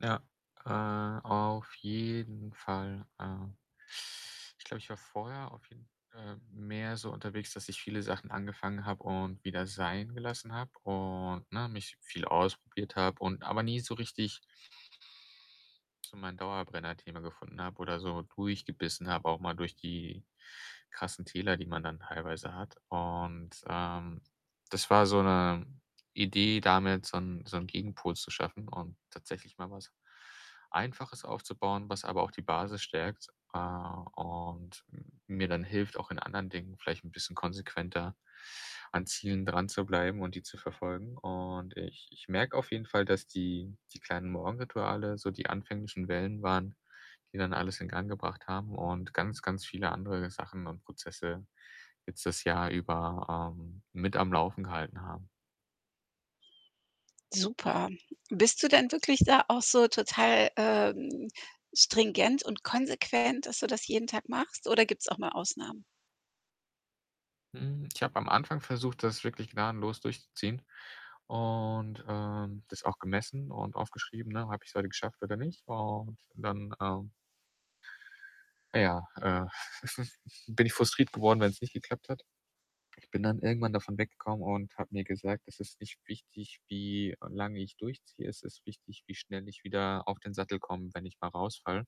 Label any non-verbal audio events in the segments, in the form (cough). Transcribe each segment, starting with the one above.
Ja, äh, auf jeden Fall, ähm. Ich glaube, ich war vorher auf jeden äh, mehr so unterwegs, dass ich viele Sachen angefangen habe und wieder sein gelassen habe, und, ne, mich viel ausprobiert habe, und aber nie so richtig so mein Dauerbrenner-Thema gefunden habe oder so durchgebissen habe, auch mal durch die krassen Täler, die man dann teilweise hat. Und, ähm, das war so 'ne Idee damit, so 'n so 'n Gegenpol zu schaffen und tatsächlich mal was Einfaches aufzubauen, was aber auch die Basis stärkt, äh, und m mir dann hilft, auch in anderen Dingen vielleicht 'n bisschen konsequenter an Zielen dranzubleiben und die zu verfolgen. Und ich ich merke auf jeden Fall, dass die die kleinen Morgenrituale so die anfänglichen Wellen waren, die dann alles in Gang gebracht haben und ganz, ganz viele andere Sachen und Prozesse jetzt das Jahr über, ähm, mit am Laufen gehalten haben. Super. Bist du denn wirklich da auch so total, ähm, stringent und konsequent, dass du das jeden Tag machst oder gibt's auch mal Ausnahmen? Hm, ich habe am Anfang versucht, das wirklich gnadenlos durchzuziehen und, ähm, das auch gemessen und aufgeschrieben, ne? „Habe ich's heute geschafft oder nicht?“ Und dann, ähm äh, ja, äh, (chuckles) bin ich frustriert geworden, wenn's nicht geklappt hat. Ich bin dann irgendwann davon weggekommen und habe mir gesagt: „Es ist nicht wichtig, wie lange ich durchziehe. Es ist wichtig, wie schnell ich wieder auf den Sattel komme, wenn ich mal rausfalle.“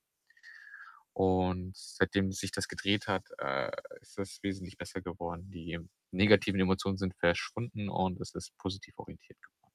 Und seitdem sich das gedreht hat, äh, ist das wesentlich besser geworden. Die negativen Emotionen sind verschwunden und es ist positiv orientiert geworden.